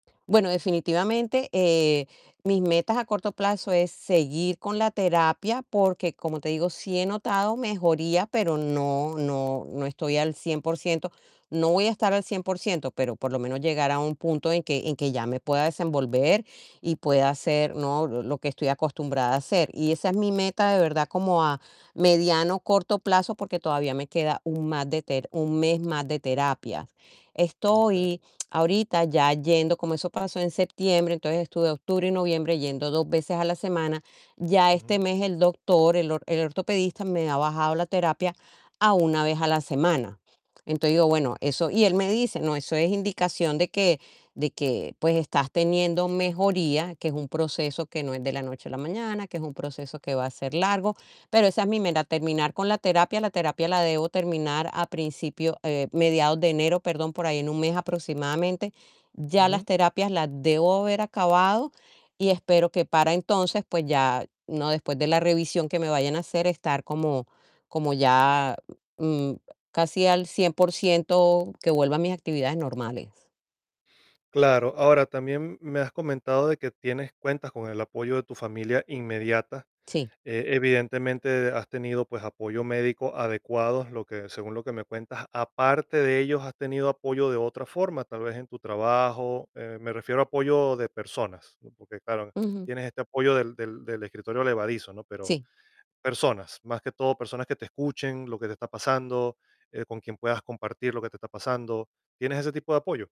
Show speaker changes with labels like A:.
A: Bueno, definitivamente, eh, mis metas a corto plazo es seguir con la terapia, porque, como te digo, sí he notado mejoría, pero no no no estoy al 100% no voy a estar al 100%, pero por lo menos, llegará un punto en que en que ya me pueda desenvolver y pueda hacer, ¿no?, l lo que estoy acostumbrada a hacer. Y esa es mi meta, de verdad, como a mediano, corto plazo, porque todavía me queda un ma de ter 1 mes más de terapia.
B: Okey.
A: Estoy ahorita ya yendo, como eso pasó en septiembre, entonces, estuve octubre y noviembre yendo 2 veces a la semana, ya este
B: Ujú.
A: mes el doctor, el or el ortopedista me ha bajado la terapia a 1 vez a la semana. Entonces, digo, bueno,
B: Ujú.
A: eso y él me dice: "No, eso es indicación de que de que, pues, estás teniendo mejoría, que es un proceso, que no es de la noche a la mañana, que es un proceso que va a ser largo", pero esa es mi meta, terminar con la terapia, la terapia la debo terminar a principio, eh, mediados de enero, perdón, por ahí en 1 mes aproximadamente, ya
B: Ujú.
A: las terapias las debo haber acabado y, espero que para entonces, pues ya, ¿no?, después de la revisión que me vayan a hacer, estar como como ya, mm, casi al 100% que vuelva a mis actividades normales.
B: Claro. Ahora, también me has comentado de que tienes cuentas con el apoyo de tu familia inmediata,
A: Sí.
B: eh, evidentemente, has tenido, pues, apoyo médico adecuado, lo que según lo que me cuentas. Aparte de ellos, ¿has tenido apoyo de otra forma?, tal vez, en tu trabajo, eh, me refiero a apoyo de personas, ¿no?, porque, claro,
A: Ujú.
B: tienes este apoyo del del del escritorio elevadizo, ¿no?, pero
A: Sí.
B: personas, más que todo, personas que te escuchen lo que te está pasando, eh, con quien puedas compartir lo que te está pasando. ¿Tienes ese tipo de apoyo?